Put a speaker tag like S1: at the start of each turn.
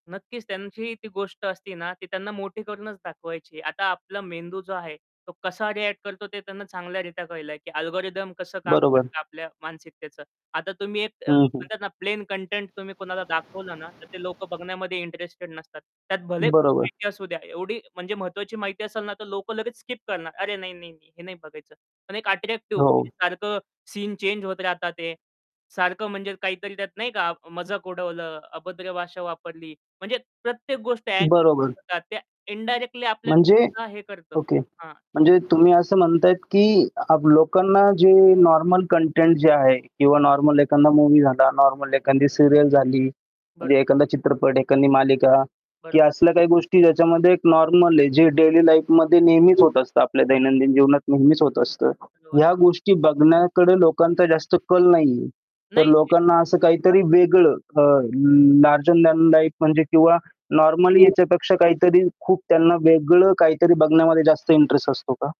S1: नक्कीच त्यांची ती गोष्ट असते ना, ती त्यांना मोठी करूनच दाखवायची. आता आपला मेंदू जो आहे. तो कसा रिएक्ट करतो ते त्यांना चांगल्या रित्या कळलंय, की अल्गोरिथम कसं काम
S2: बरोबर.
S1: करतं आपल्या मानसिकतेचं. आता तुम्ही एक अ,
S2: हं, हं.
S1: म्हणतात ना, प्लेन कंटेंट तुम्ही कुणाला दाखवलं ना, तर ते लोकं बघण्यामध्ये इंटरेस्टेड नसतात. त्यात भले
S2: बरोबर.
S1: माहिती असू द्या. एवढी म्हणजे महत्त्वाची माहिती असेल ना, तर लोकं लगेच स्किप करणार. "अरे, नाही, नाही, नाही, हे नाही बघायचं." पण एक अट्रॅक्टिव्ह
S2: हो.
S1: सारखं सीन चेंज होत राहतात ते. सारखं म्हणजे काहीतरी त्यात नाही का मजाक उडवलं, अभद्र भाषा वापरली. म्हणजे प्रत्येक गोष्ट
S2: बरोबर.
S1: [unintelligible] ते इंडायरेक्टली
S2: म्हणजे
S1: आपल्याला हे करतं.
S2: ओके.
S1: हां,.
S2: म्हणजे
S1: [unintelligible]
S2: तुम्ही असं म्हणताय, की अ, लोकांना जे नॉर्मल कंटेंट जे आहे किंवा नॉर्मल एखादा मूव्ही झाला, नॉर्मल एखादी सीरियल झाली.
S1: बरं.
S2: म्हणजे एखादा चित्रपट, एखादी मालिका
S1: बरं.
S2: की असल्या काही गोष्टी ज्याच्यामध्ये एक नॉर्मल आहे, जे डेली लाईफमध्ये नेहमीच होत असतं, आपल्या दैनंदिन जीवनात नेहमीच होत असतं.
S1: लोन.
S2: ह्या गोष्टी बघण्याकडे लोकांचा जास्त कल नाहीये. तर
S1: नाही.
S2: लोकांना असं काहीतरी
S1: [unintelligible]
S2: वेगळं अ, लार्जर दॅन लाईफ म्हणजे किंवा नॉर्मली
S1: [unintelligible]
S2: याच्यापेक्षा काहीतरी खूप त्यांना वेगळं काहीतरी बघण्यामध्ये जास्त इंटरेस्ट असतो का?